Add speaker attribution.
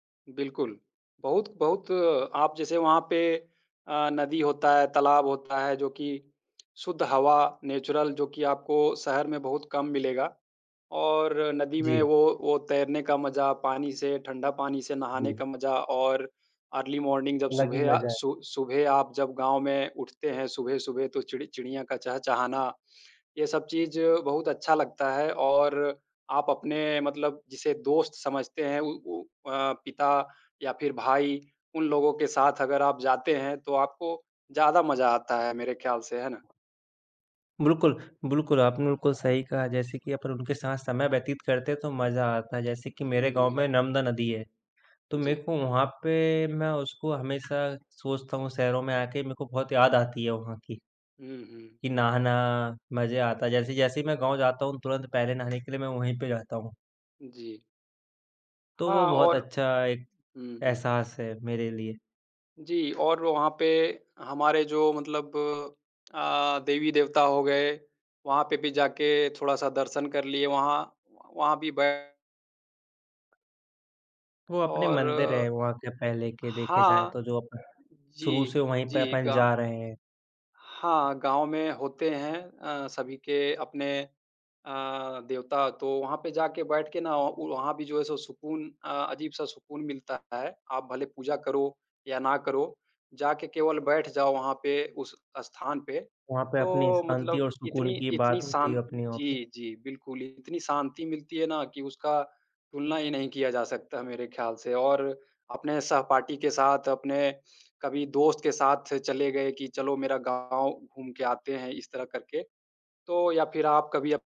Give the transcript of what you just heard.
Speaker 1: बिल्कुल। बहुत बहुत आप जैसे वहाँ पे अ, नदी होता है, तालाब होता है, जो कि शुद्ध हवा नेचुरल जो कि आपको शहर में बहुत कम मिलेगा और नदी में
Speaker 2: जी।
Speaker 1: वो वो तैरने का मज़ा, पानी से ठंडा पानी से नहाने
Speaker 2: जी।
Speaker 1: का मज़ा, और अर्ली मॉर्निंग जब
Speaker 2: अलग ही
Speaker 1: सुबह आ
Speaker 2: मज़ा है।
Speaker 1: सु सुबह आप जब गाँव में उठते हैं सुबह-सुबह, तो चिड़ चिड़िया का चहचहाना, ये सब चीज़ बहुत अच्छा लगता है और आप अपने मतलब जिसे दोस्त समझते हैं, उ उ अ, पिता या फिर भाई, उन लोगों के साथ अगर आप जाते हैं, तो आपको ज़्यादा मज़ा आता है मेरे ख़्याल से, है ना।
Speaker 2: बिल्कुल, बिल्कुल, आपने बिल्कुल सही कहा। जैसे कि अपन उनके साथ समय व्यतीत करते हैं तो मज़ा आता है। जैसे कि मेरे
Speaker 1: हुँ,
Speaker 2: गाँव
Speaker 1: जी।
Speaker 2: में नर्मदा नदी है, तो
Speaker 1: जी।
Speaker 2: मेरे को वहाँ पे मैं उसको हमेशा सोचता हूँ, शहरों में आके मेरे को बहुत याद आती है वहाँ की।
Speaker 1: हुँ, हुँ।
Speaker 2: कि नहाना, मज़े आता है। जैसे जैसे ही मैं गाँव जाता हूँ, तुरंत पहले नहाने के लिए मैं वहीं पे जाता हूँ।
Speaker 1: जी।
Speaker 2: तो वो
Speaker 1: हाँ,
Speaker 2: बहुत
Speaker 1: और
Speaker 2: अच्छा एक
Speaker 1: हुँ, हुँ।
Speaker 2: एहसास है मेरे लिए।
Speaker 1: जी और वहाँ पे हमारे जो मतलब अ, देवी-देवता हो गए, वहाँ पे भी जाके थोड़ा-सा दर्शन कर लिए वहाँ, व वहाँ भी बै
Speaker 2: वो अपने
Speaker 1: और
Speaker 2: मंदिर हैं वहाँ के पहले के देखे जाएँ
Speaker 1: हाँ।
Speaker 2: तो, जो अपन शुरू से
Speaker 1: जी,
Speaker 2: वहीं पे
Speaker 1: जी,
Speaker 2: अपन
Speaker 1: गाँ
Speaker 2: जा रहे हैं।
Speaker 1: हाँ, गाँव में होते हैं अ, सभी के अपने अ, देवता, तो वहाँ पे जाके बैठ के ना ओ वहाँ भी जो है सो सुकून अ, अजीब सा सुकून मिलता है। आप भले पूजा करो या ना करो, जाके केवल बैठ जाओ वहाँ पे उस स्थान पे,
Speaker 2: वहाँ पे अपनी
Speaker 1: तो
Speaker 2: शांति
Speaker 1: मतलब
Speaker 2: और
Speaker 1: इतनी
Speaker 2: सुकून की
Speaker 1: इतनी
Speaker 2: बात होती
Speaker 1: शान्
Speaker 2: है, अपनी वहाँ पे।
Speaker 1: जी, जी, बिल्कुल इतनी शांति मिलती है ना कि उसका तुलना ही नहीं किया जा सकता मेरे ख्याल से और अपने सहपाठी के साथ, अपने कभी दोस्त के साथ चले गए कि चलो मेरा गाँव घूम के आते हैं, इस तरह करके, तो या फिर आप कभी अप